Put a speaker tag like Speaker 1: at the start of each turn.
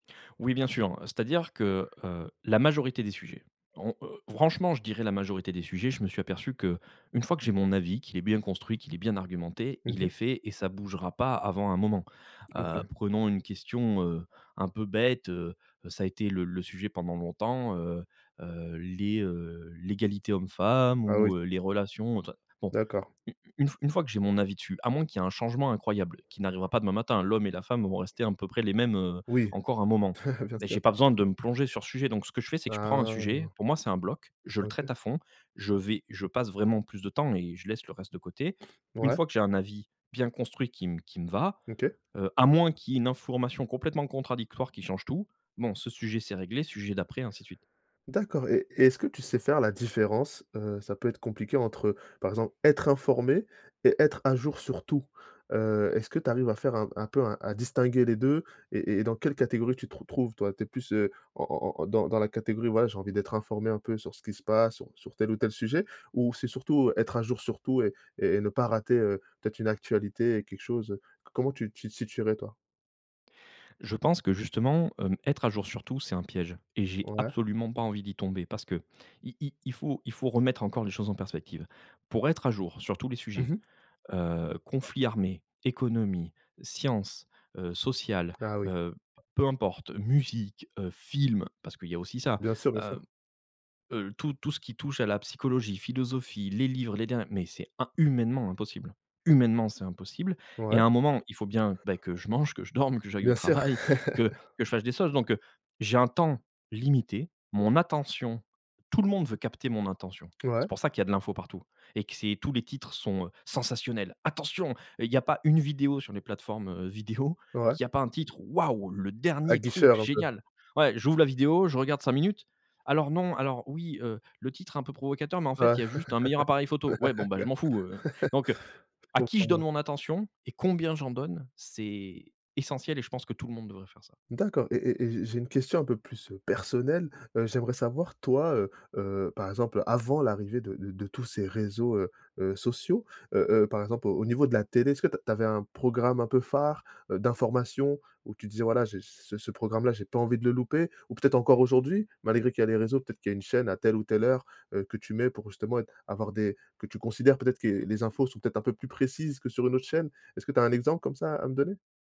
Speaker 1: Oui bien sûr, c'est-à-dire que, heu, la majorité des sujets, on, heu, franchement je dirais la majorité des sujets je me suis aperçu qu'une fois que j'ai mon avis, qu'il est bien construit, qu'il est bien argumenté,
Speaker 2: Mmh
Speaker 1: il est
Speaker 2: mh.
Speaker 1: fait et ça bougera pas avant un moment. Heu,
Speaker 2: OK.
Speaker 1: prenons une question, heu, un peu bête, heu, ça a été le le sujet pendant longtemps, heu heu, les, heu, l'égalité homme-femme
Speaker 2: Ah oui.
Speaker 1: ou heu, les relations, tout ça, bon.
Speaker 2: D'accord.
Speaker 1: Une une f une fois que j'ai mon avis dessus, à moins qu'il y ait un changement incroyable qui n'arrivera pas demain matin, l'homme et la femme vont rester un peu près les mêmes, heu,
Speaker 2: Oui,
Speaker 1: encore un moment,
Speaker 2: bien
Speaker 1: mais
Speaker 2: sûr.
Speaker 1: j'ai pas besoin de me plonger sur ce sujet, donc ce que je fais c'est que je prends un sujet,
Speaker 2: Ah.
Speaker 1: pour moi c'est un bloc, je le
Speaker 2: OK.
Speaker 1: traite à fond, je vais je passe vraiment plus de temps et je laisse le reste de côté. Une
Speaker 2: Ouais.
Speaker 1: fois que j'ai un avis bien construit qui me qui me va,
Speaker 2: OK.
Speaker 1: heu, à moins qu'il y ait une information complètement contradictoire qui change tout, bon ce sujet c'est réglé, sujet d'après ainsi de suite.
Speaker 2: D'accord et et est-ce que tu sais faire la différence, heu, ça peut être compliqué, entre, par exemple, être informé et être à jour sur tout? Heu, est-ce que tu arrives à faire un un peu à à distinguer les 2? Et et dans quelle catégorie tu te retrouves toi? Tu es plus, heu, en en en dans dans la catégorie «voilà j'ai envie d'être informé un peu sur ce qui se passe sur sur tel ou tel sujet» ou c'est surtout «être à jour sur tout et et ne pas rater, heu, peut-être une actualité et quelque chose, heu,»? Comment tu tu te situerais toi?
Speaker 1: Je pense que justement, hem, être à jour sur tout c'est un piège et j'ai
Speaker 2: Ouais.
Speaker 1: absolument pas envie d'y tomber. Parce que i i il faut il faut remettre encore les choses en perspective. Pour être à jour sur tous les
Speaker 2: Mmh
Speaker 1: sujets,
Speaker 2: mh.
Speaker 1: heu, conflits armés, économie, sciences, heu, sociales,
Speaker 2: Ah oui.
Speaker 1: heu, peu importe, musique, heu, films, parce qu'il y a aussi ça,
Speaker 2: Bien sûr, bien
Speaker 1: heu
Speaker 2: sûr.
Speaker 1: heu, tout tout ce qui touche à la psychologie, philosophie, les livres, les der mais c'est im humainement impossible. Humainement, c'est impossible et
Speaker 2: Ouais.
Speaker 1: à un moment, il faut bien ben que je mange, que je dorme, que j'aille au
Speaker 2: Bien sûr.
Speaker 1: travail, que que je fasse des choses, donc heu, j'ai un temps limité, mon attention, tout le monde veut capter mon intention.
Speaker 2: Ouais.
Speaker 1: C'est pour ça qu'il y a de l'info partout et que c'est tous les titres sont, heu, sensationnels. Attention, heu, il y a pas une vidéo sur les plateformes, heu, vidéo,
Speaker 2: Ouais.
Speaker 1: qu'il y a pas un titre «waouh le dernier truc
Speaker 2: Aguicheur, un peu.
Speaker 1: génial». Ouais j'ouvre la vidéo, je regarde 5 minutes. Alors non, alors oui, heu, le titre est un peu provocateur, mais en
Speaker 2: Ouais.
Speaker 1: fait il y a juste un meilleur appareil photo. Ouais bon je m'en fous, heu, donc heu,
Speaker 2: Je
Speaker 1: à qui
Speaker 2: comprends,
Speaker 1: je donne
Speaker 2: ouais.
Speaker 1: mon attention et combien j'en donne, c'est essentiel et je pense que tout le monde devrait faire ça.
Speaker 2: D'accord, et et et j'ai une question un peu plus, heu, personnelle, heu, j'aimerais savoir, toi, heu heu, par exemple, avant l'arrivée de de tous ces réseaux, heu heu, sociaux. Heu heu, par exemple, au au niveau de la télé, est-ce que t tu avais un programme un peu phare, heu, d'informations? Où tu disais: «Voilà, j'ai j'ai ce programme-là, j'ai pas envie de le louper», ou peut-être encore aujourd'hui? Malgré qu'il y a les réseaux, peut-être qu'il y a une chaîne à telle ou telle heure, heu, que tu mets pour justement être avoir des que tu considères peut-être qu'est les infos sont peut-être un peu plus précises que sur une autre chaîne? Est-ce que tu as un exemple comme ça à me donner?